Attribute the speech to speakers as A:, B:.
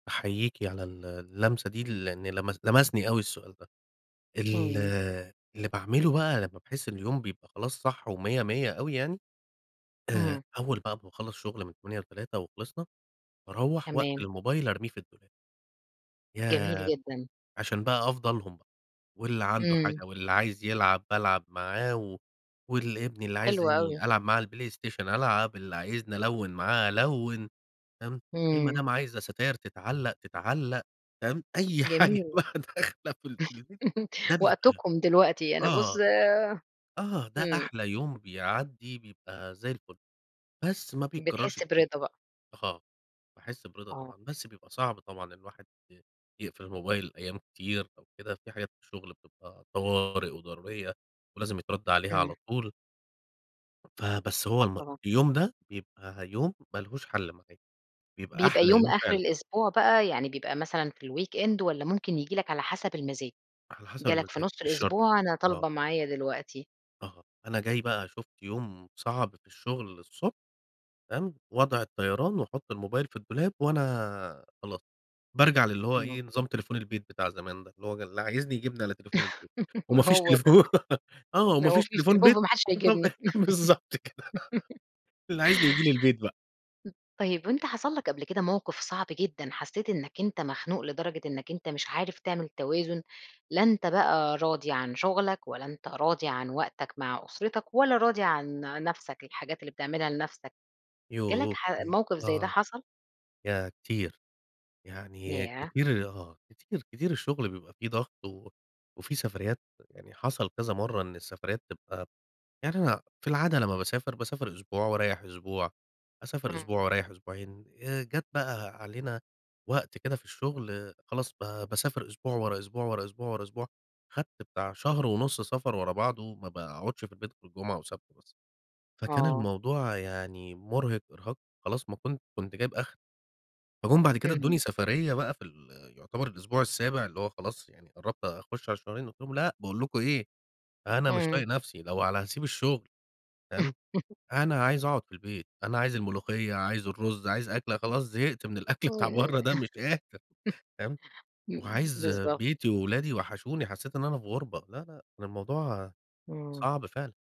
A: أحييكِ على ال اللمسة دي، لأن لمس لمسني أوي السؤال ده. ال
B: إمم.
A: اللي باعمله بقي لمّا باحس إن اليوم بيبقي خلاص صح و100 100 أوي يعني. آآ
B: إمم.
A: أول بقي ما باخلص شغل من 08:00 ل 15:00 وخلصنا، باروَّح وأقفل
B: تمام.
A: الموبايل أرميه في الدولاب.
B: جميل
A: ياه!
B: جدًا.
A: عشان بقي أفضى لهم بقى، واللي عنده
B: إمم.
A: حاجة، واللي عايز يلعب بالعب معاه و واللي ابني اللي
B: حلو أوي.
A: عايزني ألعب معاه على البلايستيشن، ألعب، اللي عايزني ألوِّن معاه، ألوِّن. فاهم،
B: إمم.
A: المدام عايزة ستاير تتعلق، تتعلق، فاهم، أي حاجة
B: جميل.
A: بقى داخلة في ال في البيت ده بيبقي
B: وقتكم دلوقتي، أنا بُص
A: آه، آه، ده
B: إمم.
A: أحلي يوم بيعدي، بيبقي زي الفل، بس ما بيتكررش
B: بتحس برضا
A: كتير.
B: بقي.
A: آه، باحس برضا
B: آه.
A: طبعًا، بس بيبقي صعب طبعًا الواحد يقفل الموبايل أيام كتير أو كده، في حاجات في الشغل بتبقي طوارئ وضرورية ولازم يترد عليها على
B: إمم.
A: طول. فَبس هو
B: آه،
A: الم
B: طبعًا.
A: اليوم ده، بيبقي يوم ما لهوش حل معايا، بيبقي
B: بيبقي
A: أحلى
B: يوم
A: يوم
B: آخر
A: فعلًا.
B: الأسبوع بقى، يعني بيبقي مثلًا في الweekend والّا ممكن ييجي لك على حسب المزاج؟
A: على حسب
B: جالك في
A: المزاج.
B: نص
A: مش شرط،
B: الأسبوع، أنا
A: آه.
B: طالبة معايا دلوقتي.
A: آه، أنا جاي بقى شُفت يوم صعب في الشغل الصبح، فاهم، وضع الطيران وأحط الموبايل في الدولاب، وأنا خلاص بارجع للي هو
B: امم.
A: إيه، نظام تليفون البيت بتاع زمان ده، اللي هو جل اللي عايزني يجيبني على تليفون البيت،
B: ما
A: وما فيش
B: هو ده،
A: تليفون. آه،
B: ما
A: وما
B: هو ما
A: فيش
B: فيش
A: تليفون
B: تليفون،
A: بيت.
B: فما حدش
A: طب
B: هيجيبني.
A: بالضبط كده
B: م
A: اللي عايزني ييجي لي البيت بقي.
B: طيب وأنت حصل لك قبل كده موقف صعب جدًا، حسيت إنك أنت مخنوق لدرجة إنك أنت مش عارف تعمل توازن، لا أنت بقي راضي عن شغلك ولا أنت راضي عن وقتك مع أسرتك ولا راضي عن نفسك، الحاجات اللي بتعملها لنفسك، جالك
A: يوه،
B: ح
A: [unintelligible]
B: موقف زي ده
A: آه،
B: حصل؟
A: ياه كتير! يعني
B: ياه!
A: كتير، آه، كتير، كتير الشغل بيبقي في ضغط و وفي سفريات، يعني حصل كذا مرّة إن السفريات تبقي يعني أنا في العادة لمّا باسافر، باسافر أسبوع وأريح أسبوع، أسافر أسبوع
B: إمم.
A: وأريح أسبوعين. آآ، جات بقي علينا وقت كده في الشغل، خلاص ب باسافر أسبوع، ورا أسبوع، ورا أسبوع، ورا أسبوع، خدت بتاع شهر ونص سفر ورا بعضه، ما باقعدش في البيت غير جمعة وسبت بس. فكان
B: آه.
A: الموضوع يعني مرهق إرهاق، خلاص ما كُن كُنت جايب آخري. فجُم بعد كده
B: امم.
A: ادّوني سفرية بقي في ال يعتبر الأسبوع السابع، اللي هو خلاص يعني قربت أخش على الشهرين، قُلت لهم: "لأ، باقول لكم إيه، أنا مش
B: إمم.
A: طايق نفسي، لو على هاسيب الشغل" فاهم، أنا عايز أقعد في البيت، أنا عايز الملوخية، عايز الرز، عايز أكلة، خلاص زهقت من الأكل بتاع
B: إمم
A: برّه ده مش قادر، فاهم،
B: امم،
A: وعايز
B: بالضبط.
A: بيتي وولادي وحشوني حسيت إن أنا في غُربة، لا، لأ، كان الموضوع
B: إمم.
A: صعب فعلًا.